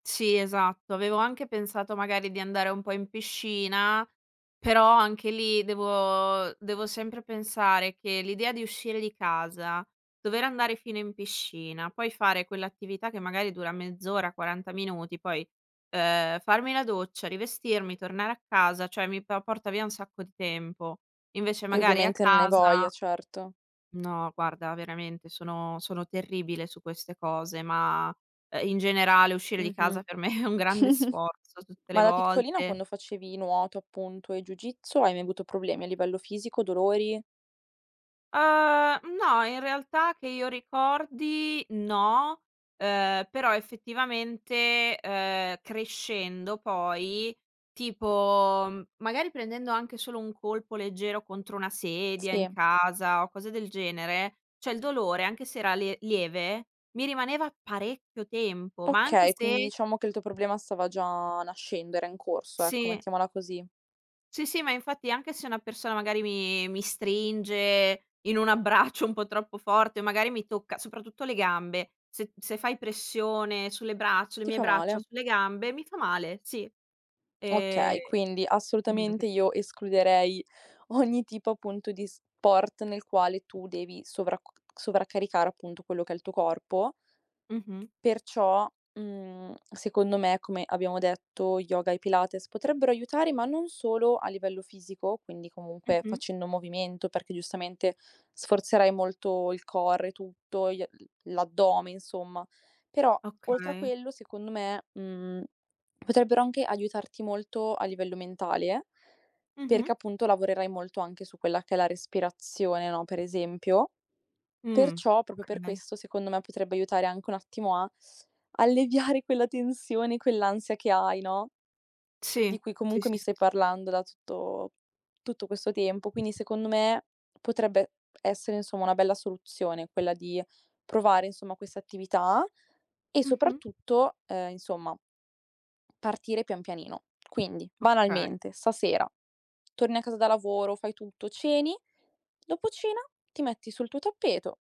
Sì, esatto. Avevo anche pensato magari di andare un po' in piscina, però anche lì, devo devo sempre pensare che l'idea di uscire di casa, dover andare fino in piscina, poi fare quell'attività che magari dura mezz'ora, 40 minuti, poi, uhm, farmi la doccia, rivestirmi, tornare a casa, cioè mi po porta via un sacco di tempo, invece E magari a ovviamente non hai voglia, casa certo. No, guarda veramente sono sono terribile su queste cose, ma, uhm, in generale uscire di casa Mh-mh. per me è un grande sforzo tutte le Ma da piccolina volte. quando facevi nuoto appunto, e Ju Jitsu, hai mai avuto problemi a livello fisico, dolori? Uhm, no, in realtà che io ricordi no, uhm, però effettivamente, uhm, crescendo poi, tipo magari prendendo anche solo un colpo leggero contro una sedia, in Sì. casa o cose del genere, cioè il dolore anche se era le lieve mi rimaneva parecchio tempo, ma anche Okay, quindi se diciamo che il tuo problema stava già nascendo, era in corso, ecco, Sì. mettiamola così. Sì, sì, ma infatti anche se una persona magari mi mi stringe in un abbraccio un po' troppo forte o magari mi tocca, soprattutto le gambe, se se fai pressione sulle braccia sulle Ti mie fa braccia o male. sulle gambe, mi fa male, sì, ehm, Okay, quindi quindi neanche assolutamente io escluderei ogni tipo, appunto, di sport nel quale tu devi sovracc sovraccaricare appunto, quello che è il tuo corpo Mh-mh. perciò, mhmm, secondo me, come abbiamo detto, yoga e pilates potrebbero aiutare, ma non solo a livello fisico. Quindi comunque Mh-mh. facendo movimento, perché giustamente sforzerai molto il core e tutto, gli l'addome insomma. Però oltre a Okay. quello, secondo me, mhmm, potrebbero anche aiutarti molto a livello mentale, perché Mh-mh. appunto lavorerai molto anche su quella che è la respirazione, no, per esempio. Mh, Perciò, proprio per okay. questo secondo me, potrebbe aiutare anche un attimo a alleviare quella tensione, quell'ansia che hai, no, Sì. di cui Sì, comunque mi sì, sì, stai sì. parlando da tutto tutto questo tempo. Quindi secondo me, potrebbe essere, insomma, una bella soluzione quella di provare insomma, questa attività e Mh-mh. soprattutto, ehm, insomma, partire pian pianino. Quindi Okay. banalmente stasera torni a casa da lavoro, fai tutto, ceni, dopo cena ti metti sul tuo tappeto